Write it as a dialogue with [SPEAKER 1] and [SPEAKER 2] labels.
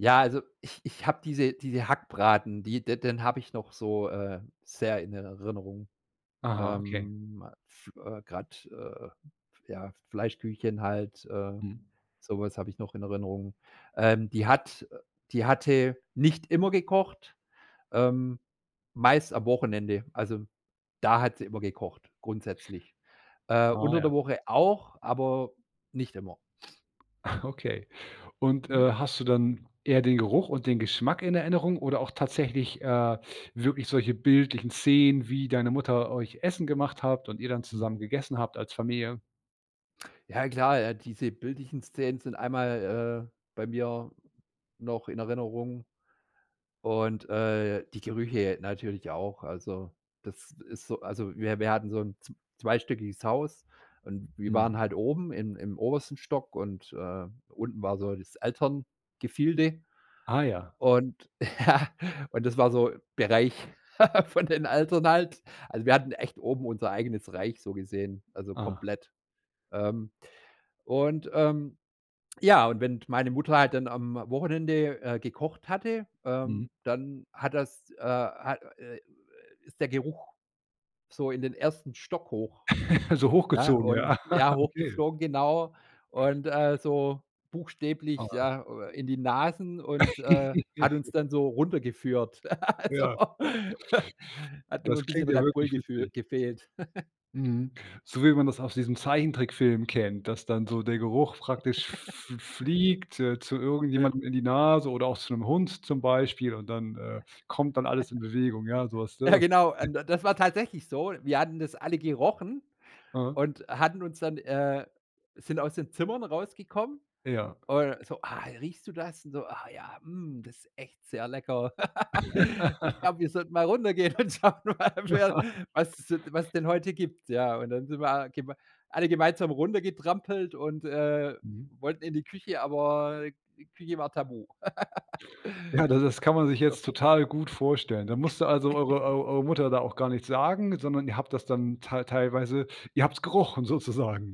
[SPEAKER 1] Ja, also, ich ich habe diese diese Hackbraten, die de den habe ich noch so, äh, sehr in Erinnerung.
[SPEAKER 2] Aha, okay.
[SPEAKER 1] Ähm, a f äh, grad, äh, ja, F Fleischküchchen halt, äh,
[SPEAKER 2] Mhm.
[SPEAKER 1] so was habe ich noch in Erinnerung. Ähm, die hat, äh die hatte nicht immer gekocht, ähm, meist am Wochenende. Also, da hat sie immer gekocht grundsätzlich. Äh,
[SPEAKER 2] Ah,
[SPEAKER 1] unter
[SPEAKER 2] ja.
[SPEAKER 1] der Woche auch, aber nicht immer.
[SPEAKER 2] Okay und, äh,
[SPEAKER 1] Mhm.
[SPEAKER 2] hast du dann eher den Geruch und den Geschmack in Erinnerung oder auch tatsächlich, äh, wirklich solche bildlichen Szenen, wie deine Mutter euch Essen gemacht habt und ihr dann
[SPEAKER 1] Mhm.
[SPEAKER 2] zusammen gegessen habt als Familie?
[SPEAKER 1] Ja, klar, äh, diese bildlichen Szenen sind einmal, äh, bei mir noch in Erinnerung und, äh, die Gerüche natürlich auch. Also, das ist so also, wir wir hatten so 'n zw zweistöckiges Haus und wir
[SPEAKER 2] Mhm.
[SPEAKER 1] waren halt oben im im obersten Stock und, äh, unten war so das Elterngefilde.
[SPEAKER 2] Ah, ja.
[SPEAKER 1] Und, ja und das war so Bereich von den Eltern halt. Also, wir hatten echt oben unser eigenes Reich so gesehen, also,
[SPEAKER 2] Ah.
[SPEAKER 1] komplett. Ähm, und, ähm ja, und d wenn meine Mutter halt dann am Wochenende, äh, gekocht hatte, ähm,
[SPEAKER 2] Mhm.
[SPEAKER 1] dann hat das, äh ha äh, äh, ist der Geruch so in den 1. Stock hoch.
[SPEAKER 2] So
[SPEAKER 1] Ja,
[SPEAKER 2] hochgezogen,
[SPEAKER 1] und
[SPEAKER 2] ja.
[SPEAKER 1] Ja,
[SPEAKER 2] Okay.
[SPEAKER 1] hochgeflogen, genau. Und, äh, so buchstäblich,
[SPEAKER 2] Aha.
[SPEAKER 1] ja, äh, in die Nasen und, äh, hat uns dann so runtergeführt. Also,
[SPEAKER 2] Ja.
[SPEAKER 1] hat nur
[SPEAKER 2] Das
[SPEAKER 1] noch 'n bisschen
[SPEAKER 2] klingt ja
[SPEAKER 1] Red Bull
[SPEAKER 2] wirklich
[SPEAKER 1] gefü
[SPEAKER 2] witzig.
[SPEAKER 1] gefehlt.
[SPEAKER 2] Mhm, so wie man das aus diesem Zeichentrickfilm kennt, dass dann so der Geruch praktisch f f fliegt, äh, zu
[SPEAKER 1] Ja.
[SPEAKER 2] irgendjemandem in die Nase oder auch zu 'nem Hund zum Beispiel und dann, äh, kommt dann alles in Bewegung, ja, sowas,
[SPEAKER 1] Ja
[SPEAKER 2] ne?
[SPEAKER 1] genau, äh, n das war tatsächlich so. Wir hatten das alle gerochen
[SPEAKER 2] Aha.
[SPEAKER 1] und hatten uns dann, äh sind aus den Zimmern rausgekommen
[SPEAKER 2] Ja.
[SPEAKER 1] und so: „Ah, riechst du das?“ Und so: „Ah ja, mm, das ist echt sehr lecker. Ich glaube, wir sollten mal runtergehen und schauen mal, wer was es so de was es denn heute gibt.“ Ja, und dann sind wir alle gemei alle gemeinsam runtergetrampelt und, äh,
[SPEAKER 2] Mhm.
[SPEAKER 1] wollten in die Küche, aber die Küche war tabu.
[SPEAKER 2] Ja, da das kann man sich jetzt total gut vorstellen, da musste, also, eure eu eure Mutter da auch gar nichts sagen, sondern ihr habt das dann tei teilweise ihr habt's gerochen sozusagen.